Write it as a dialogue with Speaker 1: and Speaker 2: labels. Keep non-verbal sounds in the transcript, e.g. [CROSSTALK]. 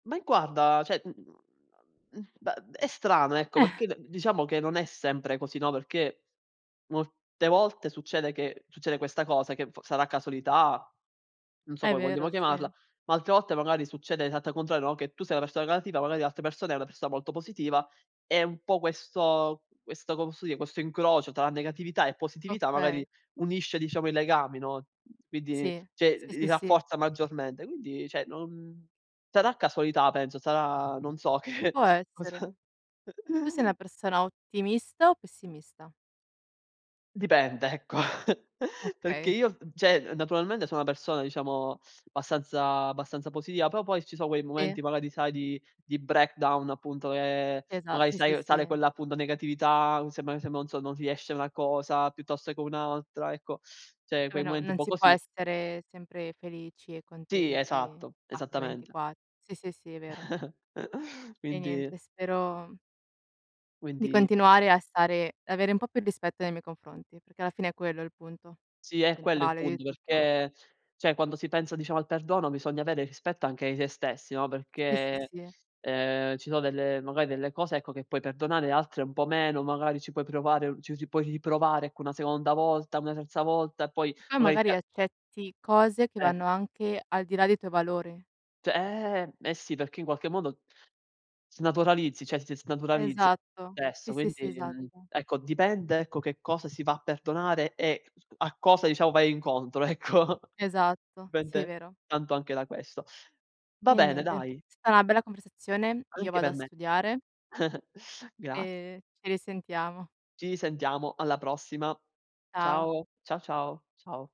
Speaker 1: Ma i guarda, cioè mhmm, m bah, è strano, ecco,
Speaker 2: Eh.
Speaker 1: perché d diciamo che non è sempre così, no, perché, molte volte succede che succede questa cosa che v sarà casualità, non so
Speaker 2: È
Speaker 1: come vogliamo
Speaker 2: vero,
Speaker 1: chiamarla,
Speaker 2: sì.
Speaker 1: ma altre volte magari succede l'esatta contrario, no, che tu sei una persona negativa, magari l'altra persona è una persona molto positiva, è un po' questo questo, co posso dire, questo incrocio tra negatività e positività,
Speaker 2: Okay.
Speaker 1: magari, unisce diciamo i legami, no? Quindi,
Speaker 2: Sì.
Speaker 1: cioè, l
Speaker 2: Sì,
Speaker 1: li
Speaker 2: sì, sì.
Speaker 1: rafforza maggiormente, quindi, cioè non sarà casualità, penso, sarà non so che,
Speaker 2: Può
Speaker 1: cosa
Speaker 2: essere. Tu sei una
Speaker 1: [CHUCKLES]
Speaker 2: persona ottimista o pessimista?
Speaker 1: Dipende, ecco, [CHUCKLES] perché
Speaker 2: Okay.
Speaker 1: io, v cioè, naturalmente sono una persona, diciamo, abbastanza- abbastanza positiva, però poi, ci so' quei momenti,
Speaker 2: Sì.
Speaker 1: magari, sai di di breakdown appunto, che,
Speaker 2: Esat
Speaker 1: magari
Speaker 2: sì, sì,
Speaker 1: sai, sale
Speaker 2: sì.
Speaker 1: quella, appunto, negatività, sembra che se non so, non riesce una cosa, piuttosto che un'altra, ecco. Cioè,
Speaker 2: Eh beh,
Speaker 1: quei
Speaker 2: no,
Speaker 1: momenti un
Speaker 2: non
Speaker 1: po'
Speaker 2: si può
Speaker 1: così
Speaker 2: essere sempre felici e
Speaker 1: Sì,
Speaker 2: contenti
Speaker 1: esatto,
Speaker 2: H
Speaker 1: esattamente.
Speaker 2: ventiqua sì, sì, sì, è vero.
Speaker 1: [CHUCKLES]
Speaker 2: E
Speaker 1: Quindi
Speaker 2: niente, spero di
Speaker 1: quindi
Speaker 2: continuare a stare avere un po' più rispetto nei miei confronti, perché alla fine è quello il punto,
Speaker 1: Sì, è quello il
Speaker 2: centrale, di
Speaker 1: punto
Speaker 2: tutto.
Speaker 1: perché cioè, quando si pensa, diciamo, al perdono, bisogna avere rispetto anche di sè stessi, no?
Speaker 2: Sì, sì,
Speaker 1: Perché,
Speaker 2: sì.
Speaker 1: ehm, ci so' delle magari delle cose, ecco, che puoi perdonare altre un po' meno, magari ci puoi provare, u ci ri puoi riprovare, ecco, una seconda volta, una terza volta, e poi,
Speaker 2: Poi,
Speaker 1: magari
Speaker 2: magari,
Speaker 1: [UNINTELLIGIBLE]
Speaker 2: accetti cose che
Speaker 1: Eh.
Speaker 2: vanno anche al di là dei tuoi valori.
Speaker 1: Cioè eh, eh sì, perché in qualche modo snaturalizzi, cioè, si snaturalizzi
Speaker 2: Esatto, sì,
Speaker 1: adesso,
Speaker 2: sì, sì,
Speaker 1: quindi, mhmm,
Speaker 2: esatto.
Speaker 1: ecco, dipende, ecco, che cosa si va a perdonare, e [UNINTELLIGIBLE] a cosa, diciamo, vai incontro, ecco.
Speaker 2: Esatto, sì, è
Speaker 1: Dipende,
Speaker 2: vero.
Speaker 1: tanto anche da questo. Va
Speaker 2: E
Speaker 1: bene,
Speaker 2: niente, è
Speaker 1: dai.
Speaker 2: sta una bella conversazione. Io
Speaker 1: Anche
Speaker 2: vado a
Speaker 1: per me.
Speaker 2: studiare.
Speaker 1: [CHUCKLES] Graz
Speaker 2: E ci risentiamo.
Speaker 1: Ci risentiamo, alla prossima.
Speaker 2: Ciao.
Speaker 1: Ciao. Ciao, ciao. Ciao.